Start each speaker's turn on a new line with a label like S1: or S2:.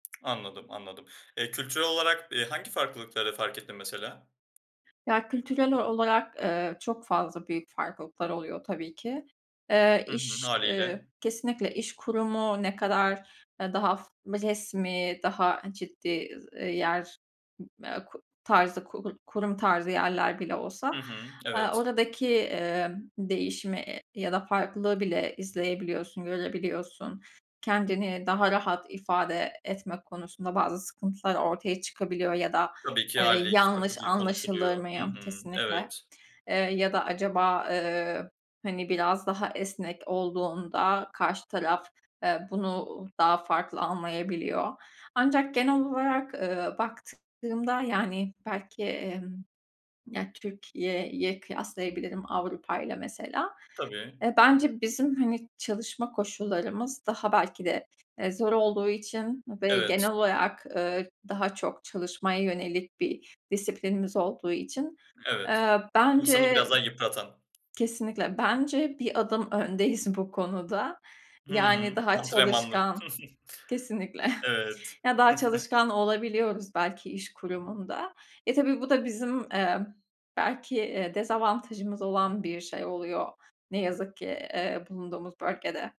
S1: Anladım, anladım. Eee, kültürel olarak, eee, hangi farklılıkları fark ettin mesela?
S2: Ya kültürel ol olarak, ııı, çok fazla büyük farklılıklar oluyor tabii ki. Eee,
S1: Hı hı.
S2: iş, eee,
S1: Hâliyle.
S2: kesinlikle iş kurumu ne kadar, ııı, daha resmi daha ciddi, ııı, yer, ııı, k tarzı kur kurum tarzı yerler bile olsa,
S1: Hı hı.
S2: ııı,
S1: Evet.
S2: oradaki, ımm, değişimi, eee, ya da farklılığı bile izleyebiliyorsun, görebiliyorsun. Kendini daha rahat ifade etmek konusunda bazı sıkıntılar ortaya çıkabiliyor ya da,
S1: Tabii ki
S2: eee,
S1: hâliyle, 2
S2: "Yanlış
S1: farklı dil
S2: anlaşılır
S1: konuşuluyor. Hı
S2: mıyım?"
S1: hı.
S2: kesinlikle,
S1: Evet.
S2: eee, ya da "Acaba, eee, hani biraz daha esnek olduğunda karşı taraf, eee, bunu daha farklı anlayabiliyor." Ancak genel olarak, ııı, baktığımda yani belki, emm, ya Türkiye'ye kıyaslayabilirim Avrupa'yla mesela.
S1: Tabii.
S2: E, bence bizim hani çalışma koşullarımız daha belki de, eee, zor olduğu için ve
S1: Evet.
S2: genel olarak, ııı, daha çok çalışmaya yönelik bir disiplinimiz olduğu için,
S1: Evet.
S2: eee,
S1: İnsanı biraz
S2: bence
S1: daha yıpratan.
S2: kesinlikle bence bir adım öndeyiz bu konuda,
S1: Hı
S2: yani,
S1: hı.
S2: daha
S1: Antrenmanlı.
S2: çalışkan kesinlikle.
S1: Evet.
S2: Ya daha çalışkan olabiliyoruz belki iş kurumunda. E, tabii bu da bizim, emm, belki, eee, dezavantajımız olan bir şey oluyor ne yazık ki, eee, bulunduğumuz bölgede.